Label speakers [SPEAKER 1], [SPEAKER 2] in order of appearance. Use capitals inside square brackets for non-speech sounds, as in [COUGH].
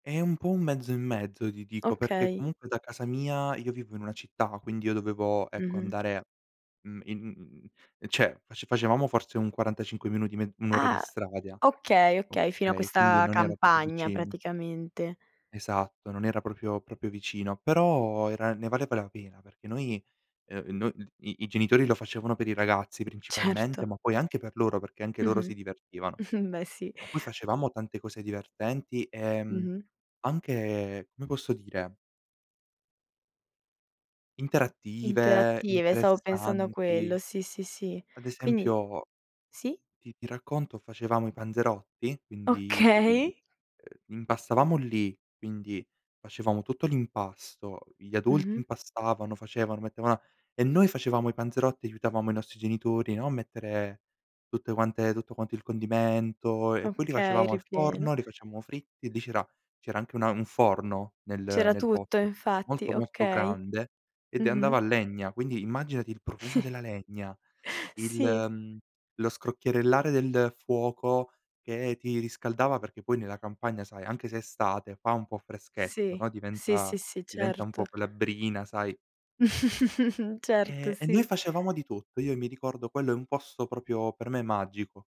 [SPEAKER 1] È un po' un mezzo e mezzo, ti dico, perché
[SPEAKER 2] Okay.
[SPEAKER 1] comunque da casa mia, io vivo in una città, quindi io dovevo, ecco,
[SPEAKER 2] Mh-mh.
[SPEAKER 1] andare, mhmm, in u mhmm, cioè, face facevamo forse un 45 minuti, me 1 ora di
[SPEAKER 2] Ah!
[SPEAKER 1] strada,
[SPEAKER 2] Okay, okay, fino a
[SPEAKER 1] okay, quindi
[SPEAKER 2] questa
[SPEAKER 1] non era proprio
[SPEAKER 2] campagna,
[SPEAKER 1] vicino.
[SPEAKER 2] praticamente.
[SPEAKER 1] Esatto, non era proprio- proprio vicino, però era ne valeva la pena perché noi, ehm, no d i i genitori lo facevano per i ragazzi, principalmente,
[SPEAKER 2] Certo.
[SPEAKER 1] ma poi anche per loro, perché anche loro
[SPEAKER 2] Mh-mh,
[SPEAKER 1] si divertivano.
[SPEAKER 2] [CHUCKLES] beh, sì.
[SPEAKER 1] Ma poi facevamo tante cose divertenti, ehm,
[SPEAKER 2] Mh-mh.
[SPEAKER 1] anche, come posso dire interattive,
[SPEAKER 2] Interattive, stavo pensando a
[SPEAKER 1] interessanti.
[SPEAKER 2] quello, sì, sì, sì.
[SPEAKER 1] Ad
[SPEAKER 2] Quindi
[SPEAKER 1] esempio,
[SPEAKER 2] Sì?
[SPEAKER 1] ti ti racconto: facevamo i panzerotti, quindi i
[SPEAKER 2] Okay.
[SPEAKER 1] ehm, impastavamo lì, quindi facevamo tutto l'impasto, gli adulti
[SPEAKER 2] Mh-mh.
[SPEAKER 1] impastavano, facevano, mettevano a e noi facevamo i panzerotti, aiutavamo i nostri genitori, no, a mettere tutte quante tutto quanto il condimento, e poi li
[SPEAKER 2] Okay,
[SPEAKER 1] facevamo al
[SPEAKER 2] ripieno.
[SPEAKER 1] forno, li facevamo fritti, lì c'era c'era anche una un forno nel
[SPEAKER 2] C'era
[SPEAKER 1] nel
[SPEAKER 2] tutto,
[SPEAKER 1] posto
[SPEAKER 2] infatti,
[SPEAKER 1] molto, molto
[SPEAKER 2] okay.
[SPEAKER 1] grande, ed e
[SPEAKER 2] Mh-mh.
[SPEAKER 1] andava a legna, quindi immaginati il profumo
[SPEAKER 2] [CHUCKLES]
[SPEAKER 1] della legna, il
[SPEAKER 2] Sì.e
[SPEAKER 1] mhmm, lo scrocchierellare del fuoco che ti riscaldava perché poi nella campagna, sai, anche se estate fa un po' freschetto,
[SPEAKER 2] Sì.
[SPEAKER 1] no,
[SPEAKER 2] Sì,
[SPEAKER 1] diventa
[SPEAKER 2] sì, sì,
[SPEAKER 1] diventa un
[SPEAKER 2] certo.
[SPEAKER 1] po' quella brina, sai.
[SPEAKER 2] [CHUCKLES] Certo,
[SPEAKER 1] Ehm, e noi
[SPEAKER 2] sì.
[SPEAKER 1] facevamo di tutto. Io mi ricordo quello è un posto proprio, per me, magico.